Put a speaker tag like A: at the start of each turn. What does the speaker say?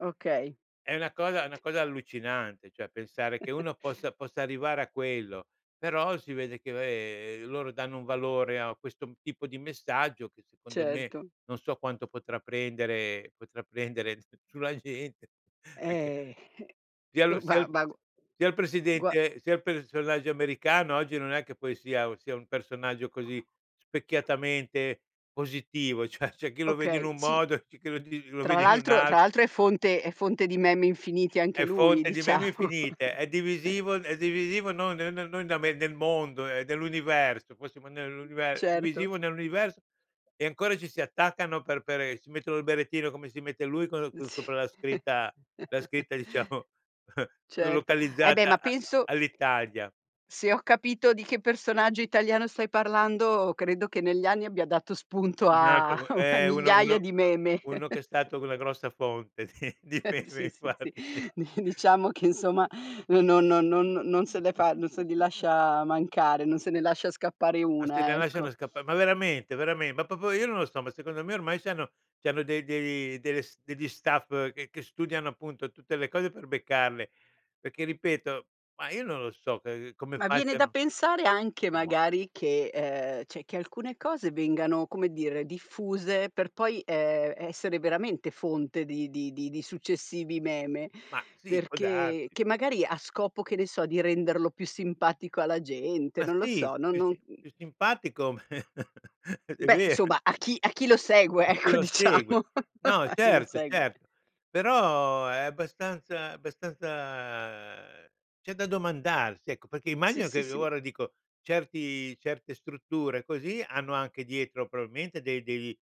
A: Okay.
B: È una cosa è una cosa allucinante, cioè pensare che uno possa possa arrivare a quello, però si vede che, vabbè, loro danno un valore a questo m tipo di messaggio che, secondo me,
A: Certo.
B: non so quanto potrà prendere potrà prendere s sulla gente, perché
A: Eh,
B: sia
A: eh.
B: il sia
A: Ma
B: s
A: ma g
B: sia il
A: gua
B: presidente sia il personaggio americano oggi, non è che poi sia u sia un personaggio così specchiatamente positivo, cioè c'è chi lo vede in
A: Okay,
B: un
A: sì.
B: modo, c'è chi lo li lo
A: Tra
B: vede in un
A: l'altro tra
B: alt
A: l'altro è fonte è fonte di meme infinite anche
B: È
A: lui,
B: fonte di meme
A: diciamo.
B: infinite, è divisivo è divisivo non non non non da me, nel mondo, è dell'universo, possiamo d nell'unive è
A: Certo.
B: divisivo nell'universo e ancora ci si attaccano per per e si mettono il berrettino come si mette lui co con
A: Sì.
B: sopra la scritta la scritta diciamo
A: Certo. Eh, beh, ma
B: localizzata a
A: penso
B: all'Italia.
A: se ho capito di che personaggio italiano stai parlando, credo che negli anni abbia dato spunto
B: Un
A: a
B: altro co
A: a
B: eh, uno
A: migliaia
B: uno
A: di meme.
B: uno che è stato c una grossa fonte di di meme
A: Sì, sì, sì.
B: infatti.
A: Di diciamo che insomma no no no non non se le fa non se li lascia mancare, non se ne lascia scappare
B: Ma se ne
A: una, ecco.
B: lasciano scappa ma veramente, veramen ma proprio io non lo so, ma secondo me ormai c'hanno c'hanno dei dei delle s degli staff che che studiano appunto tutte le cose per beccarle, perché ripeto ma io non lo so che come
A: Ma viene da
B: facciano,
A: pensare anche
B: mah.
A: magari che ehm, cioè, che alcune cose vengano, come dire, diffuse per poi, ehm, essere veramente fonte di di di successivi meme,
B: Ma sì può
A: perché
B: darsi.
A: che magari a scopo, che ne so, di renderlo più simpatico alla gente,
B: Ma
A: non lo
B: sì,
A: so, non
B: più
A: non
B: si
A: mhmm
B: più simpatico è
A: Beh
B: ve
A: insomma a chi a chi lo segue
B: [unintelligible] chi
A: ecco
B: lo segue.
A: diciamo,
B: No
A: a chi lo
B: certo,
A: segue.
B: certo, però è abbastanza abbastanza c'è da domandarsi, ecco perché
A: Sì,
B: immagino
A: sì,
B: che
A: sì.
B: ora dico, certi certe strutture così hanno anche dietro probabilmente de dei